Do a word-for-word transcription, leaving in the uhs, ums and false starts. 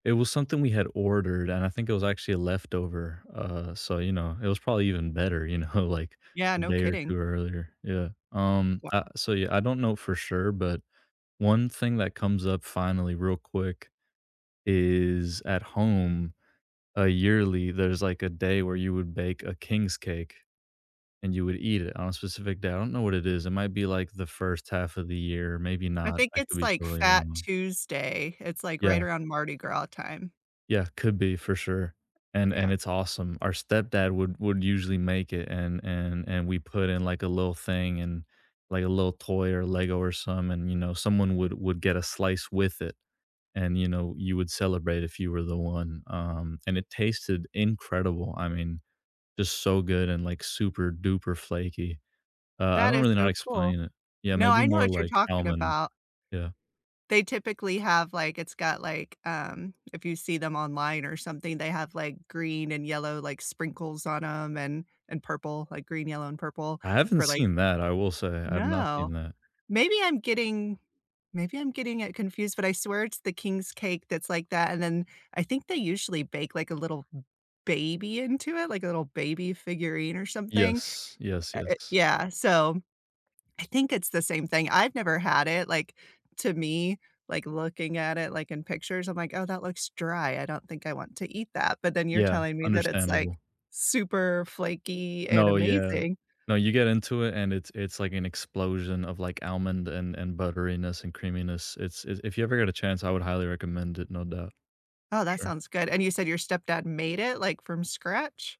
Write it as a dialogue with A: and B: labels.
A: It was something we had ordered, and I think it was actually a leftover. Uh, so, you know, it was probably even better, you know, like,
B: Yeah.
A: a
B: No
A: day or
B: kidding.
A: two earlier. Yeah. Um,
B: Wo
A: uh, so, yeah, I don't know for sure, but one thing that comes up finally real quick is at home, uh, yearly, there's, like, a day where you would bake a king's cake, and you would eat it on a specific day. I don't know what it is, it might be, like, the first half of the year, maybe
B: I
A: not,
B: think
A: I
B: it's,
A: could be
B: like,
A: totally
B: Fat
A: wrong.
B: Tuesday. It's, like, right
A: Yeah.
B: around Mardi Gras time.
A: Yeah. Could be for sure. And and
B: Yeah.
A: it's awesome. Our stepdad would would usually make it, and and and we put in, like, a little thing and, like, a little toy or Lego or some and, you know, someone would would get a slice with it. And, you know, you would celebrate if you were the one, um, and it tasted incredible. I mean, just so good and, like, super-duper flaky. Uh, I
B: That
A: don't
B: is
A: really know how to
B: so cool.
A: explain it. Yeah.
B: No,
A: Maybe
B: I know
A: more
B: what you're
A: like
B: talking
A: almond.
B: about.
A: Yeah.
B: They typically have like, it's got, like, um, if you see them online or something, they have, like, green and yellow, like, sprinkles on 'em and and purple, like green, yellow, and purple
A: I haven't
B: for like
A: seen that, I will say, I've not seen
B: No,
A: that.
B: maybe I'm getting maybe I'm getting it confused, but I swear it's the king's cake that's like that, and then, I think they usually bake like a little baby into it, like a little baby figurine or something.
A: Yes, yes,
B: Uh, uh,
A: yes.
B: yeah, so, I think it's the same thing. I've never had it, like, to me, like, looking at it, like, in pictures, I'm like, "Oh, that looks dry. I don't think I want to eat that." but then you're
A: Yeah.
B: telling me that it's, like,
A: Understandable.
B: super flaky and
A: No. Yeah.
B: amazing.
A: No, you get into it, and it's it's like an explosion of, like, almond and and butteriness and creaminess. It's it's if you ever get a chance, I would highly recommend it, no doubt.
B: Oh, that
A: Sure.
B: sounds good. And you said your stepdad made it, like, from scratch?